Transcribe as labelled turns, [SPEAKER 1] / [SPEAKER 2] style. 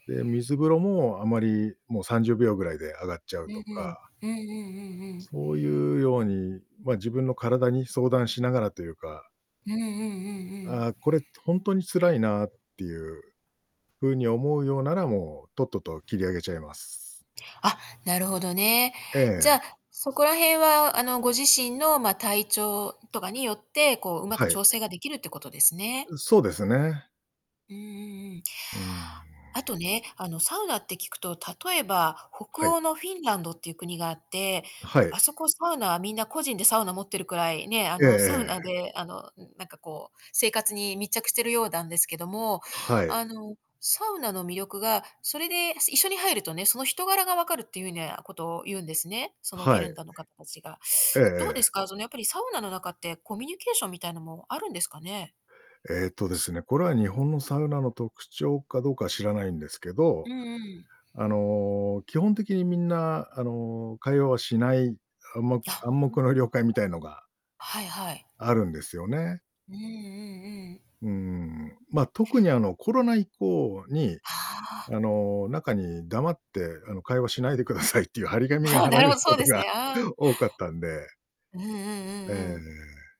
[SPEAKER 1] で、水風呂もあまり、もう30秒ぐらいで上がっちゃう
[SPEAKER 2] う
[SPEAKER 1] と
[SPEAKER 2] んう
[SPEAKER 1] か
[SPEAKER 2] ん。うんうんうんうん。
[SPEAKER 1] そういうように、まあ、自分の体に相談しながらというか
[SPEAKER 2] うんうんうんうん。
[SPEAKER 1] ああこれ、ほんとに辛いなっ
[SPEAKER 2] [unintelligible]
[SPEAKER 1] ていう風に思うようなら、もう、とっとと切り上げちゃいます。
[SPEAKER 2] あ、なるほどね。
[SPEAKER 1] え
[SPEAKER 2] じゃあ、
[SPEAKER 1] え。
[SPEAKER 2] そこらへんはあの、ご自身のま、体調とかによって、こう、うまく
[SPEAKER 1] はい。
[SPEAKER 2] 調整ができるってことですね。
[SPEAKER 1] そうですね。
[SPEAKER 2] うんうんうん。
[SPEAKER 1] うん。
[SPEAKER 2] あとね、あのサウナって聞くと、例えば北
[SPEAKER 1] はい。
[SPEAKER 2] 欧のフィンランドっていう国があって、
[SPEAKER 1] はい。
[SPEAKER 2] あそこサウナはみんな個人でサウナ持ってるくらい、ねえ、あ
[SPEAKER 1] ええ
[SPEAKER 2] のサウナ
[SPEAKER 1] ええ。
[SPEAKER 2] であの、なんかこう生活に密着してるようだんですけども、
[SPEAKER 1] はい。
[SPEAKER 2] あのサウナの魅力がそれで一緒に入るとね、その人柄が分かるっていうなことを言うんですね。その、フィ
[SPEAKER 1] は
[SPEAKER 2] レ
[SPEAKER 1] い。
[SPEAKER 2] ンダの方たちが。
[SPEAKER 1] ええ
[SPEAKER 2] どうです
[SPEAKER 1] ええ。
[SPEAKER 2] か？そのやっぱりサウナの中ってコミュニケーションみたいなのもあるんですかね？
[SPEAKER 1] ええとです
[SPEAKER 2] す
[SPEAKER 1] ね、これは日本のサウナの特徴かどうかは知らないんですけど、
[SPEAKER 2] うんうん。
[SPEAKER 1] あの、基本的にみんなあの、会話はしない、あも、暗
[SPEAKER 2] あ
[SPEAKER 1] 黙の了解みたいなのが
[SPEAKER 2] はいはい。
[SPEAKER 1] あるんですよね。
[SPEAKER 2] うんうんうん。
[SPEAKER 1] うーん、まあ特にあのコロナ以降に、
[SPEAKER 2] はあ。
[SPEAKER 1] あの、中に黙ってあの、会話しないでくださいっていう張り紙が
[SPEAKER 2] ああ、
[SPEAKER 1] 貼
[SPEAKER 2] な
[SPEAKER 1] ら
[SPEAKER 2] る
[SPEAKER 1] れ
[SPEAKER 2] ほ
[SPEAKER 1] る
[SPEAKER 2] ど、そ
[SPEAKER 1] こ
[SPEAKER 2] う
[SPEAKER 1] と
[SPEAKER 2] です
[SPEAKER 1] が
[SPEAKER 2] ね、ああ。
[SPEAKER 1] 多かったんで。
[SPEAKER 2] うんうんう
[SPEAKER 1] え
[SPEAKER 2] んうん。
[SPEAKER 1] え。